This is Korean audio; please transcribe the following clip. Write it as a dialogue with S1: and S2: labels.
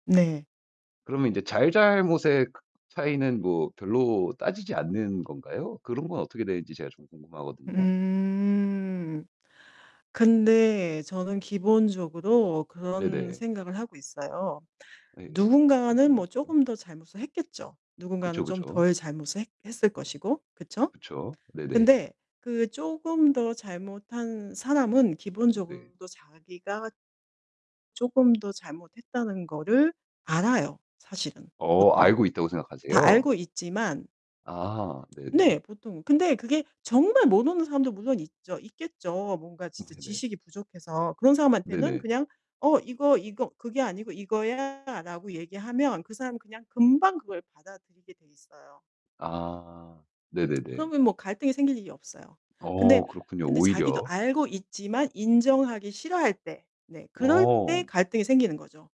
S1: 네.
S2: 그러면 이제 잘잘못의 크 차이는 뭐 별로 따지지 않는 건가요? 그런 건 어떻게 되는지 제가 좀 궁금하거든요.
S1: 음. 근데 저는 기본적으로 그런
S2: 네네.
S1: 생각을 하고 있어요.
S2: 예예. 어떤
S1: 누군가는 뭐
S2: 생각이죠?
S1: 쪼금 더 잘못을 했겠죠. 누군가는
S2: 그쵸,
S1: 좀
S2: 그쵸.
S1: 덜 잘못을 했 했을 것이고. 그쵸?
S2: 그쵸. 네네.
S1: 근데 그 쪼금 더 잘못한 사람은
S2: 네.
S1: 기본적으로 또 자기가 쪼금 더 잘못했다는 거를 알아요 사실은
S2: 어
S1: 보통.
S2: 알고 있다고
S1: 다
S2: 생각하세요?
S1: 알고 있지만
S2: 아 네네.
S1: 네 보통. 근데 그게 정말 모르는 사람도 물론 있죠. 있겠죠. 뭔가 진짜
S2: 네네.
S1: 지식이 부족해서. 그런 사람한테는
S2: 네네.
S1: 그냥 "어 이거 이거 그게 아니고 이거야."라고 얘기하면 그 사람은 그냥 금방 그걸 받아들이게 돼 있어요.
S2: 아. 네네네.
S1: 그러면 뭐 갈등이 생길 일이 없어요. 근데
S2: 어 그렇군요
S1: 근데 자기도
S2: 오히려.
S1: 알고 있지만 인정하기 싫어할 때. 네 그럴 때
S2: 어.
S1: 갈등이 생기는 거죠.